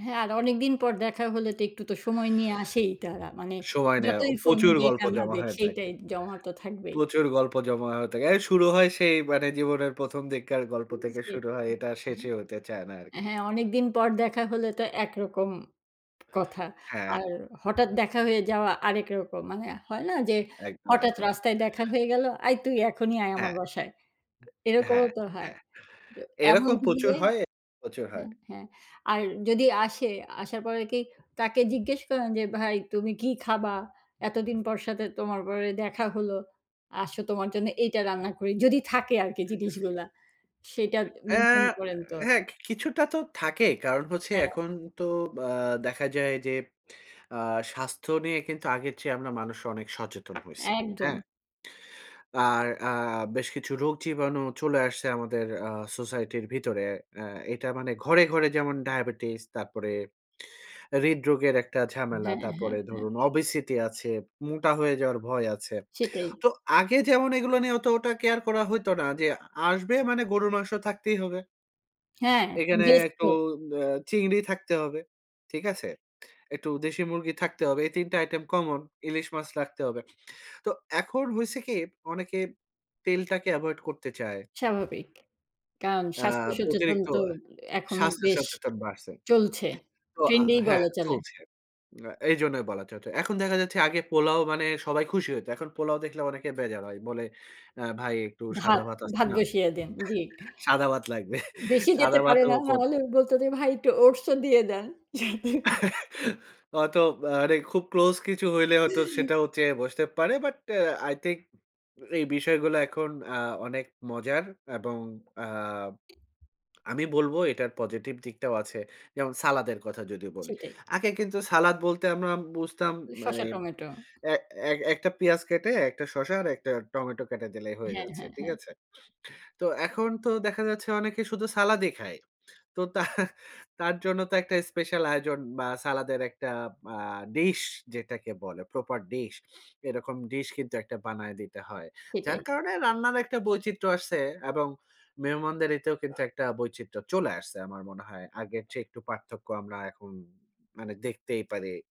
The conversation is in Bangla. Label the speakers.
Speaker 1: হ্যাঁ, আর অনেকদিন পর দেখা হলে তো একটু তো সময় নিয়ে আসেই তারা মানে
Speaker 2: সময় নেয়
Speaker 1: যতই ফোন
Speaker 2: প্রচুর
Speaker 1: দিক
Speaker 2: গল্প
Speaker 1: আর না
Speaker 2: জমা
Speaker 1: দিক
Speaker 2: হয়ে থাকে।
Speaker 1: সেইটাই জমা তো থাকবেই।
Speaker 2: প্রচুর গল্প জমা হয়ে থাকে। এর শুরু হয় সেই মানে জীবনের ১ম দিককার গল্প
Speaker 1: হুম,
Speaker 2: থেকে
Speaker 1: জি,
Speaker 2: শুরু হয় এটা
Speaker 1: আ
Speaker 2: শেষই হতে চায় না আরকি।
Speaker 1: হ্যাঁ, হ্যাঁ, অনেকদিন পর দেখা হলে তো একরকম কথা।
Speaker 2: হ্যাঁ।
Speaker 1: আর হঠাৎ দেখা হয়ে যাওয়া আরেক রকম মানে হয় না যে
Speaker 2: একদম,
Speaker 1: হঠাৎ
Speaker 2: একদম, না।
Speaker 1: রাস্তায় দেখা হয়ে গেল, "আই তুই এখনই আয় আমার
Speaker 2: হ্যাঁ।
Speaker 1: বাসায়।" এরকমও
Speaker 2: হ্যাঁ,
Speaker 1: তো হয়।
Speaker 2: হ্যাঁ।
Speaker 1: দ এমন
Speaker 2: এরকম প্রচুর
Speaker 1: হলে
Speaker 2: হয়, প্রচুর হয়।
Speaker 1: হ্যাঁ, হ্যাঁ আর যদি আসে আসার পর কি তাকে জিজ্ঞেস করেন যে, "ভাই তুমি কি খাবা? এতদিন পর সাথে তোমার পরে দেখা হল। আসো তোমার জন্য এইটা রান্না করি।" যদি থাকে আরকি জিনিসগুলা সেটা
Speaker 2: আ
Speaker 1: মেইনটেইন করেন তো?
Speaker 2: হ্যাঁ। কিছুটা তো থাকেই। কারণ হচ্ছে
Speaker 1: হ্যাঁ।
Speaker 2: এখন তো আ দেখা যায় যে আ স্বাস্থ্য নিয়ে কিন্তু আগের চেয়ে আমরা মানুষ অনেক সচেতন হইছি। হ্যাঁ?
Speaker 1: একদম।
Speaker 2: আর আ বেশ কিছু রোগ জীবাণু চলে আসছে আমাদের আ সোসাইটির ভিতরে। আ এটা মানে ঘরে, ঘরে যেমন ডায়াবেটিস তারপরে হৃদরোগের একটা ঝামেলা।
Speaker 1: হ্যাঁ, হ্যাঁ,
Speaker 2: তারপরে
Speaker 1: হ্যাঁ।
Speaker 2: ধরুন ওবেসিটি আছে, মোটা হয়ে যাওয়ার ভয় আছে।
Speaker 1: সেটাই।
Speaker 2: তো আগে যেমন এগুলা নিয়ে অতটা কেয়ার করা হইতো না যে আসবে মানে গরুর মাংস থাকতেই হবে
Speaker 1: হ্যাঁ,
Speaker 2: এখানে
Speaker 1: গেস্ট
Speaker 2: একটু
Speaker 1: তো।
Speaker 2: আ চিংড়ি থাকতে হবে। ঠিক আছে? একটু দেশি মুরগি থাকতে হবে। এই ৩ টা আইটেম কমন ইলিশ মাছ রাখতে হবে। তো এখন হইসে কি অনেকে তেলটাকে এভয়েড করতে চায়
Speaker 1: স্বাভাবিক। কারণ
Speaker 2: আ
Speaker 1: স্বাস্থ্য সচেতন
Speaker 2: অতিরিক্ত
Speaker 1: তো এখন
Speaker 2: স্বাস্থ্য
Speaker 1: বেশ
Speaker 2: সচেতন বাড়ছে।
Speaker 1: চলছে।
Speaker 2: তো আ
Speaker 1: ট্রেন্ড
Speaker 2: আ
Speaker 1: এই
Speaker 2: হ্যাঁ
Speaker 1: বলা চলে।
Speaker 2: চলছে। আ এইজন্যই বলা চ চ এখন দেখা যাচ্ছে আগে পোলাও মানে সবাই খুশি হইত। এখন পোলাও দেখলে অনেকে বেজার হয় বলে, "আ ভাই একটু সাদা
Speaker 1: ভাত
Speaker 2: ভাত আছে
Speaker 1: ভাত
Speaker 2: না?
Speaker 1: বসিয়ে দেন। জি।
Speaker 2: সাদা ভাত লাগবে।"
Speaker 1: বেশি যেতে
Speaker 2: সাদা
Speaker 1: পারে
Speaker 2: ভাতও
Speaker 1: না। না
Speaker 2: করত
Speaker 1: হলে বলত যে, "ভাই একটু ওটস ও দিয়ে দেন।"
Speaker 2: হয়তোবা মানে খুব ক্লোজ কিছু হইলে হয়তো সেটাও চেয়ে বসতে পারে। বাট আই থিংক এই বিষয়গুলা এখন আ অনেক মজার এবং আ আমি বলবো এটার পজিটিভ দিকটাও আছে। যেমন সালাদের কথা যদি বলি।
Speaker 1: সেটাই।
Speaker 2: আগে কিন্তু সালাদ বলতে আমরা বুঝতাম
Speaker 1: উ
Speaker 2: মানে
Speaker 1: শসা টমেটো।
Speaker 2: এ এ একটা পেঁয়াজ কেটে একটা শশা আর একটা টমেটো কেটে দিলেই হয়ে
Speaker 1: হ্যাঁ,
Speaker 2: যাচ্ছে।
Speaker 1: হ্যাঁ,
Speaker 2: ঠিক
Speaker 1: হ্যাঁ।
Speaker 2: আছে? তো এখন তো দেখা যাচ্ছে অনেকে শুধু সালাদই খায়। তো তার, তার জন্য তো একটা স্পেশাল আয়োজন বা সালাদের একটা আ ডিশ যেটাকে বলে প্রপার ডিশ এরকম ডিশ কিন্তু একটা বানায় দিতে হয়। যার
Speaker 1: সেটাই।
Speaker 2: কারণে রান্নার একটা বৈচিত্র্য আসছে এবং মেহমানদারিতে কিন্তু একটা বৈচিত্র্য চলে আসছে। আমার মনে হয় আগের চেয়ে একটু পার্থক্য আমরা এখন মানে দেখতেই পারি।